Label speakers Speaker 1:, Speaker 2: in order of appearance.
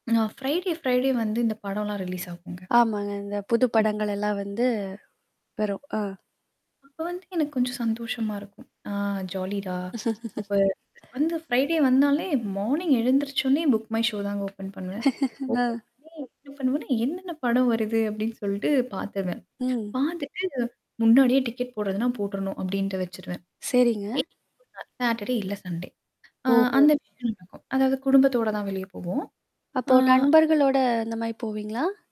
Speaker 1: ஆ Friday, Friday வந்து இந்த படம்லாம் ரிலீஸ் ஆகுங்க.
Speaker 2: ஆமாங்க. இந்த புது படங்கள் எல்லாம் வந்து வரும். ஆ.
Speaker 1: அப்ப வந்து எனக்கு கொஞ்சம் சந்தோஷமா இருக்கும். ஆ ஜாலிடா! அப்ப வந்து ஃப்ரைடே வந்தாலே மார்னிங் எழுந்திரிச்சோனே புக் மை ஷோ தாங்க ஓப்பன் பண்ணுவேன். ஓப்பன்
Speaker 2: அ.
Speaker 1: பண்ணி என்ன பண்ணுவேன்னா, என்னென்ன படம் வருது? அப்டின்னு சொல்ட்டு பாத்துருவேன்.
Speaker 2: ம்.
Speaker 1: பாத்துட்டு முன்னாடியே டிக்கெட் போடுறதுன்னா போட்டுரணும் அப்டின்ட்டு வச்சுருவேன்.
Speaker 2: சரிங்க.
Speaker 1: [unintelligible] சாட்டர்டே இல்ல சண்டே. ஆ
Speaker 2: ஓஹோ!
Speaker 1: அந்த. [unintelligible] அதாவது குடும்பத்தோட தான் வெளிய போவோம்.
Speaker 2: அப்போ
Speaker 1: ஆ.
Speaker 2: நண்பர்களோட இந்த மாரி போவீங்களா?